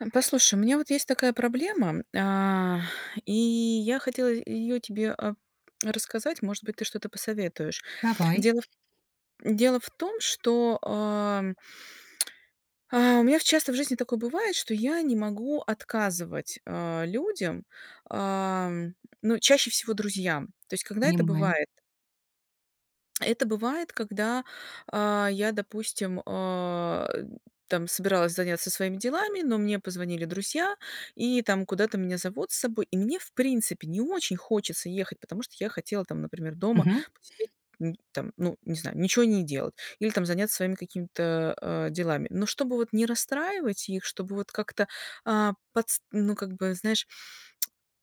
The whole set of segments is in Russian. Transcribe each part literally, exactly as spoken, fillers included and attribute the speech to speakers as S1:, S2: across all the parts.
S1: Хм, послушай, у меня вот есть такая проблема, а, и я хотела и её тебе, а, рассказать, может быть, ты что-то посоветуешь.
S2: Давай.
S1: Дело в дело в том, что, ам А, у меня в часто в жизни такое бывает, что я не могу отказывать, а, людям, ам, ну, чаще всего друзьям. То есть когда это
S2: Понимаю.
S1: бывает? Это бывает, когда, а, я, допустим, а, там собиралась заняться своими делами, но мне позвонили друзья и, там, куда-то меня зовут с собой, и мне, в принципе, не очень хочется ехать, потому что я хотела там, например, дома
S2: Мгм.
S1: посидеть, м, там, ну, не знаю, ничё не делать. Или там заняться своими какими-то, а, делами. Но чтобы вот не расстраивать их, чтобы вот как-то, а, подст ну, как бы, знаешь,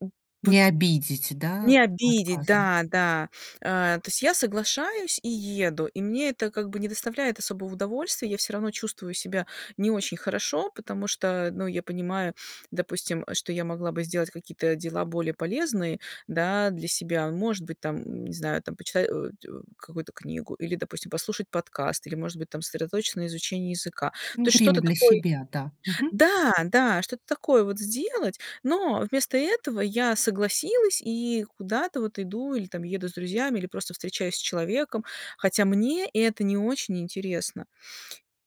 S1: м, вот
S2: Не обидеть, да,
S1: не обидеть.
S2: отказом.
S1: Да, да, а, то есть я соглашаюсь и еду, и мне это как бы не доставляет особого удовольствия. Я всё равно чувствую себя не очень хорошо, потому что, ну, я понимаю, допустим, э, что я могла бы сделать какие-то дела более полезные, да, для себя. Может быть, там, не знаю, там почитать, аудио, какую-то книгу или, допустим, послушать подкаст, или, может быть, там сосредоточиться на изучении языка.
S2: М,
S1: То есть
S2: время
S1: что-то
S2: для
S1: такое
S2: себя, да. Мгм.
S1: Да, да, что-то такое вот сделать, но вместо этого я согласилась и куда-то вот иду, или там еду с друзьями, или просто встречаюсь с человеком, хотя мне это не очень интересно.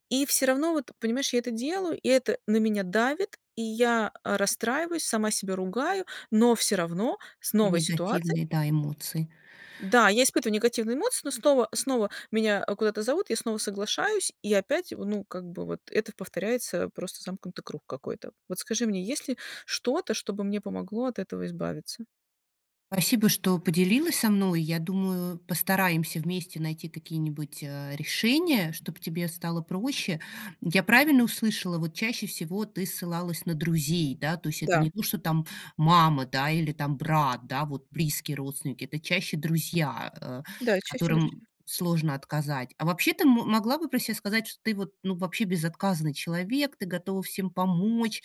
S1: И всё равно вот, понимаешь, я это делаю, и это на меня давит, и я, а, расстраиваюсь, сама себя ругаю, но всё равно с новой ситуацией
S2: Негативные, да, эмоции.
S1: Да, я испытываю негативные эмоции, но снова снова меня, а, куда-то зовут, я снова соглашаюсь и опять, во ну, как бы вот это повторяется, просто замкнутый круг какой-то. Вот скажи мне, есть ли что-то, чтобы мне помогло от этого избавиться?
S2: Спасибо, что поделилась со мной. Я думаю, постараемся вместе найти какие-нибудь, э, решения, чтоб тебе стало проще. Я правильно услышала, вот, чаще всего ты ссылалась на друзей, да? То есть это
S1: Да.
S2: не то, что там мама, да, или там брат, да, вот близкие родственники- это чаще друзья, э,
S1: Да, чаще
S2: которым
S1: друзья.
S2: сложно отказать. А вообще, ты могла бы про себя сказать, что ты, вот, ну, вообще безотказный человек, ты готова всем помочь?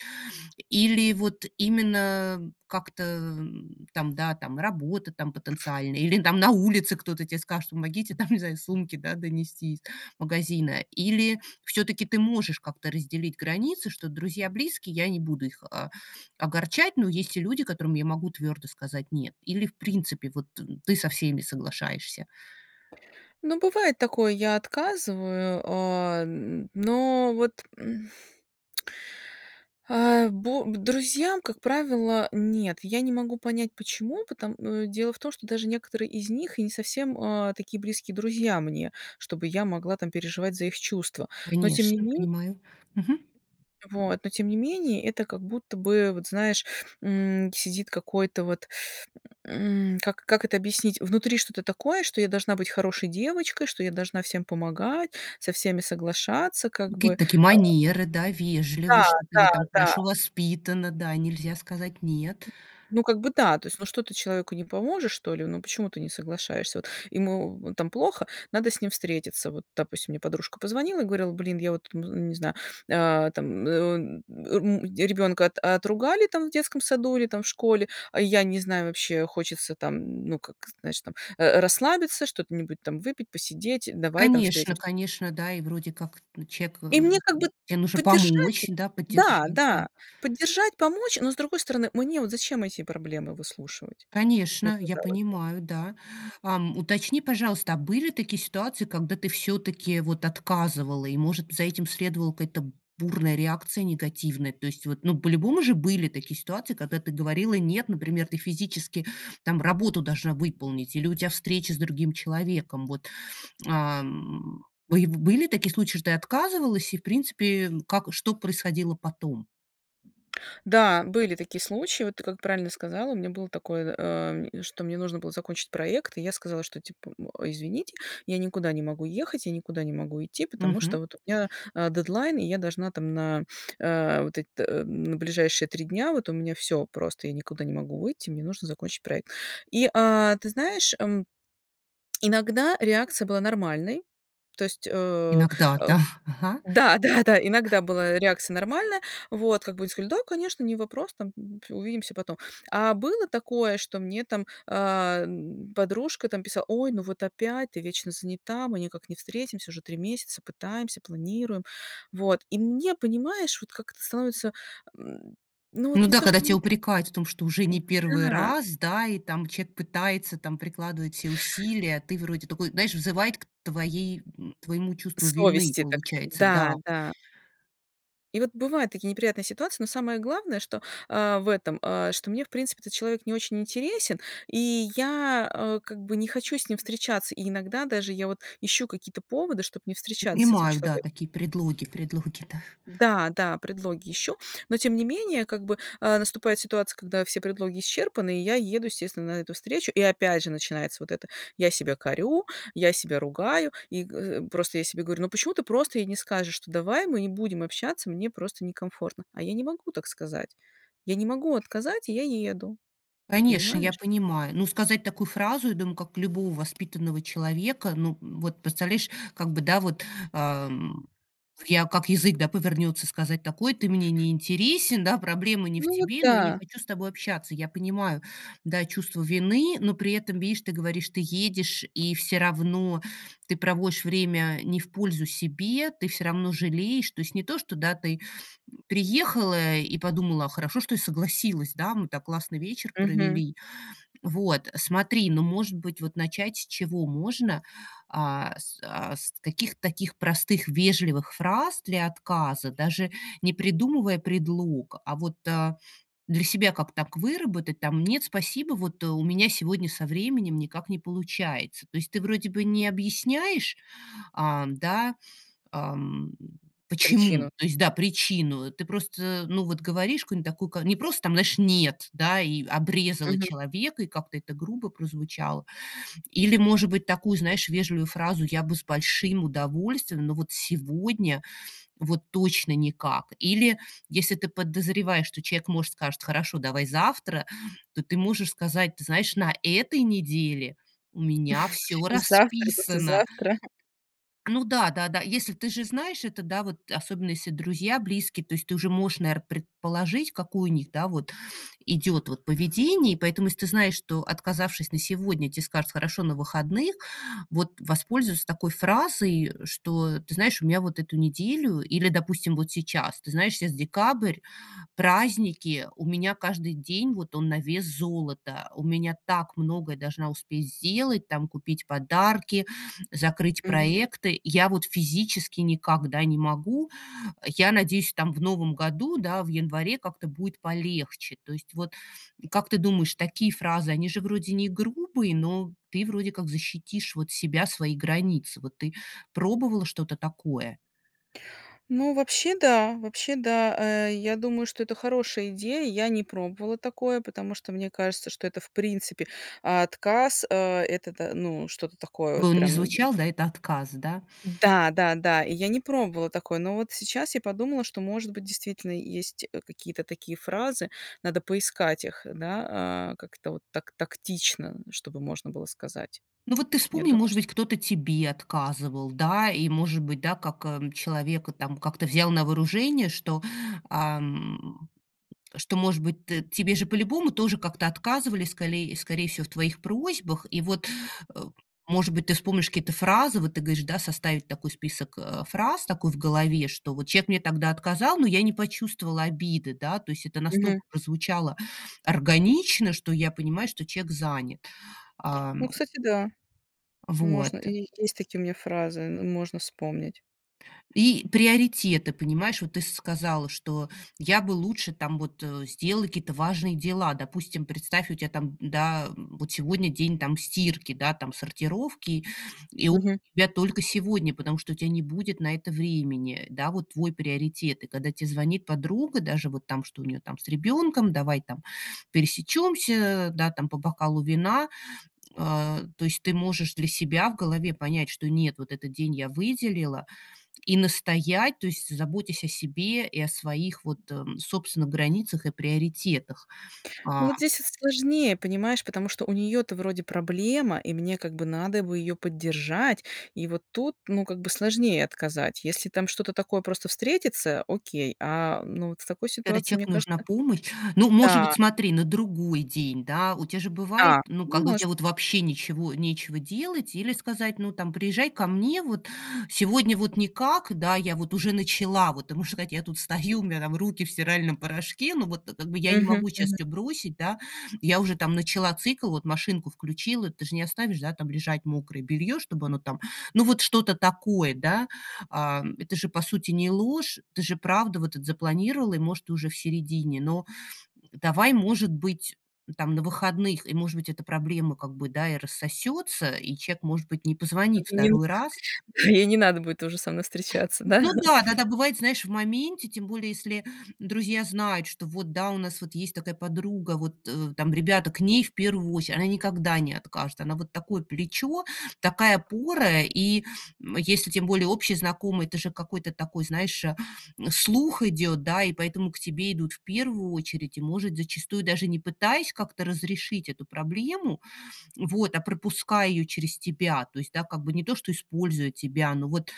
S2: Или вот именно, э, как-то, там, да, работа там потенциальная, или на улице кто-то тебе скажет: "Помогите там сумки донести из магазина"- или всё-таки ты можешь как-то разделить границы, что друзья близкие- я не буду их, а, огорчать, но есть и люди, которым я могу твёрдо сказать "нет". Или, в принципе, вот, ты со всеми соглашаешься?
S1: Ну бывает такое, я отказываю, а, н но вот, м, а, бо друзьям, как правило, нет. Я не могу понять, почему, пото м, дело в том, что даже некоторые из них и не совсем, а, такие близкие друзья мне, чтобы я могла там переживать за их чувства, но тем не
S2: Конечно,
S1: мен
S2: понимаю. Мгм.
S1: Вот, но тем не менее это как будто бы, вот, знаешь, м, сидит какой-то вот, м, как это объяснить- внутри что-то такое, что я должна быть хорошей девочкой, что я должна всем помогать, со всеми соглашаться, как бы.
S2: Какие-то такие манеры, да,
S1: Да,
S2: вежливость, что ты
S1: да,
S2: вот там
S1: да.
S2: хорошо воспитана, да. Нельзя сказать нет.
S1: М, ну как бы да, то есть, ну что ты человеку не поможешь, что ли? Ну почему ты не соглашаешься? Вот, ему там плохо, надо с ним встретиться. Вот, допустим, мне подружка позвонила и говорила: "Блин, я вот н ну, не знаю, а, там, э, м, ребёнка отругали там в детском саду или там в школе, я не знаю, вообще, хочется там, ну, как, знаешь там, э, расслабиться, что т нибудь там выпить, посидеть, давай там
S2: Конечно,
S1: встретимся".
S2: конечно, да. И вроде как, ну, человек
S1: И
S2: э,
S1: мне как бы
S2: тебе нужно
S1: поддержать
S2: помочь,
S1: да,
S2: поддержать, да.
S1: да, поддержать, помочь, но с другой стороны, мне вот зачем эти проблемы выслушивать? Ну
S2: Конечно, я
S1: казалось бы.
S2: понимаю, да. А, уточни, пожалуйста: а были такие ситуации, когда ты всё-таки, вот, отказывала и, может, за этим следовала какая-то бурная реакция негативная? То есть, ну, по-любому же были такие ситуации, когда ты говорила "нет", например, ты физически там работу должна выполнить, или у тебя встреча с другим человеком. Вот. А, м, б были такие случаи, что ты отказывалась, и, в принципе, как что происходило потом?
S1: Да, были такие случаи. Вот, ты как правильно сказала, у меня было такое, э, что мне нужно было закончить проект, и я сказала, что типа, м, извините, я никуда не могу ехать, я никуда не могу идти. Потому
S2: Мгм.
S1: что, вот, у меня, э, дедлайн, и я должна там на, э, вот эт ближайшие три дня, вот у меня всё просто, я никуда не могу выйти, мне нужно закончить проект. И, э, ты знаешь, м, иногда реакция была нормальной. То есть, э,
S2: Иногда,
S1: э
S2: да, ага.
S1: да-да-да, иногда была реакция нормальная. Вот. Как бы они сказали: "Да, конечно, не вопрос, там, увидимся потом". А было такое, что мне там, а, подружка там писала: "Ой, ну вот опять ты вечно занята, мы никак не встретимся. Уже три месяца, пытаемся, планируем". Вот. И мне, понимаешь, вот как то становится, ну
S2: Ну
S1: вот не
S2: да.
S1: то
S2: Когда
S1: что
S2: тебя
S1: н
S2: упрекают в том, что уже
S1: М,
S2: не первый
S1: да.
S2: раз, да, и там человек пытается, там прикладывает все усилия, а ты вроде такой знаешь, взывает к твоей к твоему чувству вины,
S1: Совести так
S2: получается.
S1: да,
S2: Да.
S1: да. И вот бывают такие неприятные ситуации, но самое главное, что, а, в этом, а, что мне, в принципе, этот человек не очень интересен, и я, э, как бы не хочу с ним встречаться. И иногда даже я вот ищу какие-то поводы, чтобы не встречаться с этим
S2: Понимаю, да,
S1: человеком.
S2: такие предлоги предлоги, да.
S1: Э, да-да, предлоги ищу. Но тем не менее, как бы, а, наступает ситуация, когда все предлоги исчерпаны, и я еду, естественно, на эту встречу. И опять же начинается вот это: я себя корю, я себя ругаю, и, э, просто я себе говорю: "Ну, почему ты просто ей не скажешь, что: "Давай мы не будем общаться, мне просто некомфортно"?" А я не могу так сказать, я не могу отказать, и я еду,
S2: Конечно, я
S1: понимаешь?
S2: понимаю. Ну, сказать такую фразу, я думаю, как любого воспитанного человека, ну, вот представляешь, как бы, да, вот, а, м, в я как язык, да, повернется, сказать такой: "Ты мне не интересен, да, проблема не в
S1: Ну вот,
S2: тебе, но я не
S1: да.
S2: хочу с тобой общаться". Я понимаю, да, чувство вины, но при этом, видишь, ты говоришь, ты едешь, и всё равно ты проводишь время не в пользу себе, ты всё равно жалеешь, то есть не то, что, да, ты приехала и подумала: "Хорошо, что согласилась, да, мы так классно вечер
S1: Мгм.
S2: провели". Вот смотри, ну, может быть, вот начать с чего можно, а с а с каких-то таких простых вежливых фраз для отказа, даже не придумывая предлог, а вот, а, для себя как так выработать там: "Нет, спасибо, вот у меня сегодня со временем никак не получается". То есть ты вроде бы не объясняешь, а, да, ам,
S1: Причину.
S2: почему, то есть, да, причину, ты просто, ну, вот говоришь какую-нибудь такука, не просто там, знаешь, нет, да, и обрезала
S1: Мгм.
S2: человека, и как-то это грубо прозвучало. Или, может быть, такую, знаешь, вежливую фразу: "Я бы с большим удовольствием, но вот сегодня, вот точно никак!". Или если ты подозреваешь, что человек, может, скажет: "Хорошо, давай завтра", то ты можешь сказать: "Знаешь, на этой неделе у меня всё
S1: Завтра,
S2: расписано".
S1: послезавтра.
S2: Ну да, да-да, если, ты же знаешь, это, да, вот особенно если друзья, близкие, то есть ты уже можешь, наверно, предположить, какое у них, да, вот идет вот поведение. И поэтому, если ты знаешь, что, отказавшись на сегодня, те скажут: "Хорошо, на выходных", вот воспользоваться такой фразой: "Что, ты знаешь, у меня вот эту неделю" Или, допустим, вот сейчас: "Ты знаешь, сейчас декабрь, праздники, у меня каждый день, вот, он на вес золота, у меня так много я должна успеть сделать, там, купить подарки, закрыть
S1: Мгм.
S2: проекты. Я вот физически никогда не могу. Я надеюсь, там, в новом году, да, в январе как-то будет полегче". То есть, вот, как ты думаешь, такие фразы, они же вроде не грубые, но ты вроде как защитишь вот себя, свои границы. Вот ты пробовала что-то такое?
S1: Ну, вообще да, вообще да, э, я думаю, что это хорошая идея. Я не пробовала такое, потому что мне кажется, что это, в принципе, отказ. Э, это то-то, ну, что-то такое
S2: В
S1: вот
S2: он не
S1: прям.
S2: звучал, да, это отказ, да.
S1: Да-да-да, и я не пробовала такое. Но вот сейчас я подумала, что, может быть, действительно есть, э, какие-то такие фразы, надо поискать их, да, а, как-то вот так тактично, чтобы можно было сказать.
S2: Ну, вот ты
S1: Я
S2: вспомни,
S1: думаю,
S2: может
S1: чт
S2: быть, кто-то тебе отказывал, да, и, может быть, да, как, а, человек там как-то взял на вооружение, что, ам, что может быть, т тебе же по-любому тоже как-то отказывали, сколей скорее всего, в твоих просьбах. И вот, э, может быть, ты вспомнишь какие-то фразы, вот ты говоришь составить такой список, э, фраз такой в голове, что вот человек мне тогда отказал, но я не почувствовала обиды, да, то есть это
S1: Мгм.
S2: настолько прозвучало органично, что я понимаю, что человек занят,
S1: Ну,
S2: ам.
S1: кстати, да,
S2: Вот.
S1: можно, и есть такие у меня фразы, ну, можно вспомнить.
S2: И приоритеты, понимаешь. Вот ты сказала, что я бы лучше там вот сделала какие-то важные дела. Допустим, представь, у тебя там, да, вот сегодня день там стирки, да, там сортировки, и у
S1: Мгм.
S2: тебя только сегодня, потому что у тебя не будет на это времени, э, да, вот твой приоритет. Когда тебе звонит подруга, даже вот там, что у нее там с ребенком: "Давай там пересечёмся, да, там, по бокалу вина". А, то есть ты можешь для себя в голове понять, что нет, вот этот день я выделила, и настоять, то есть заботясь о себе и о своих, вот, м, собственных границах и приоритетах,
S1: Ну,
S2: а.
S1: вот здесь с с сложнее, понимаешь, потому что у неё-то вроде проблема, и мне как бы надо бы её поддержать. И вот тут, ну, как бы сложнее отказать. Если там что-то такое просто встретится, окей, а, ну, вот с такой
S2: Когда
S1: ситуацией, мне
S2: человеку
S1: кажется.
S2: нужна помощь, ну, может быть,
S1: Да.
S2: смотри, на другой день, да? У тебя же бывает,
S1: Да,
S2: ну, когда у
S1: может
S2: тебя вот
S1: быть.
S2: вообще ничего, нечего делать, или сказать, ну, там: "Приезжай ко мне, вот сегодня вот никак, да, я вот уже начала, вот". Ты можешь сказать: "Я тут стою, у меня там руки в стиральном порошке, но вот-то так, как бы, и я не могу сейчас
S1: Мгм.
S2: всё бросить, да, я уже там начала цикл, вот машинку включила". Ты же не оставишь там лежать мокрое белье, чтобы оно там, ну, вот что-то такое, да? А, это же, по сути, не ложь, ты же правда вот этот запланировала и, может, уже в середине, но давай, может быть, там, на выходных, и, может быть, эта проблема, как бы, да, и рассосется, и человек, может быть, не позвонит
S1: Ну, ей не ну
S2: второй раз.
S1: ей не надо будет тоже со мной встречаться, да?
S2: Ну да, да-да, бывает, знаешь, в моменте, тем более если друзья знают, что вот, да, у нас вот есть такая подруга, вот, э, там, ребята к ней в первую очередь, она никогда не откажет, она вот такое плечо, такая опора. И, м, если тем более общий знакомый, это же какой-то такой, знаешь, слух идет, да, и поэтому к тебе идут в первую очередь, и, может, зачастую даже не пытаясь как-то разрешить эту проблему, вот, а пропуская её через тебя. То есть, да, как бы не то, что используя тебя, но вот,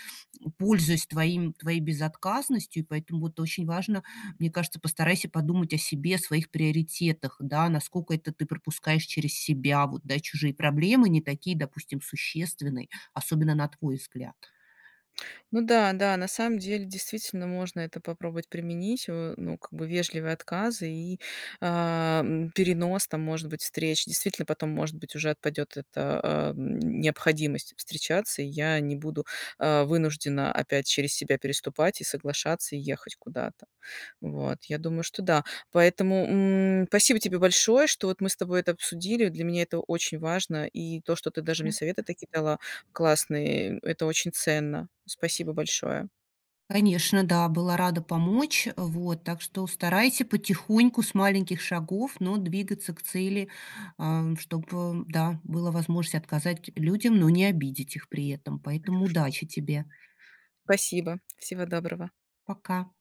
S2: пользуясь твоим твоей безотказностью. И поэтому вот очень важно, мне кажется, постарайся подумать о себе, своих приоритетах, да, наскока это ты пропускаешь через себя, вот, да, чужие проблемы не такие, допустим, существенные, особенно на твой взгляд.
S1: Ну да-да, на самом деле действительно можно это попробовать применить, её, ну, как бы, вежливые отказы и, а, м, перенос там, может быть, встреч. Действительно, потом, может быть, уже отпадет эта, а, м, необходимость встречаться, я не буду, а, вынуждена опять через себя переступать и соглашаться ехать куда-то, вот. Я думаю, что да. Поэтому, м, спасибо тебе большое, что вот мы с тобой это обсудили, для меня это очень важно, и то, что ты
S2: То
S1: даже
S2: есть
S1: мне
S2: на
S1: совета такие дала классные, э, это очень ценно. Спасибо большое.
S2: Конечно, да. Была рада помочь, а, вот. Так что, у старайся потихоньку с маленьких шагов, но двигаться к цели, ам, чтобы, да, была возможность отказать людям, но не обидеть их при этом, поэтому удачи тебе!
S1: Спасибо, всего доброго!
S2: Пока!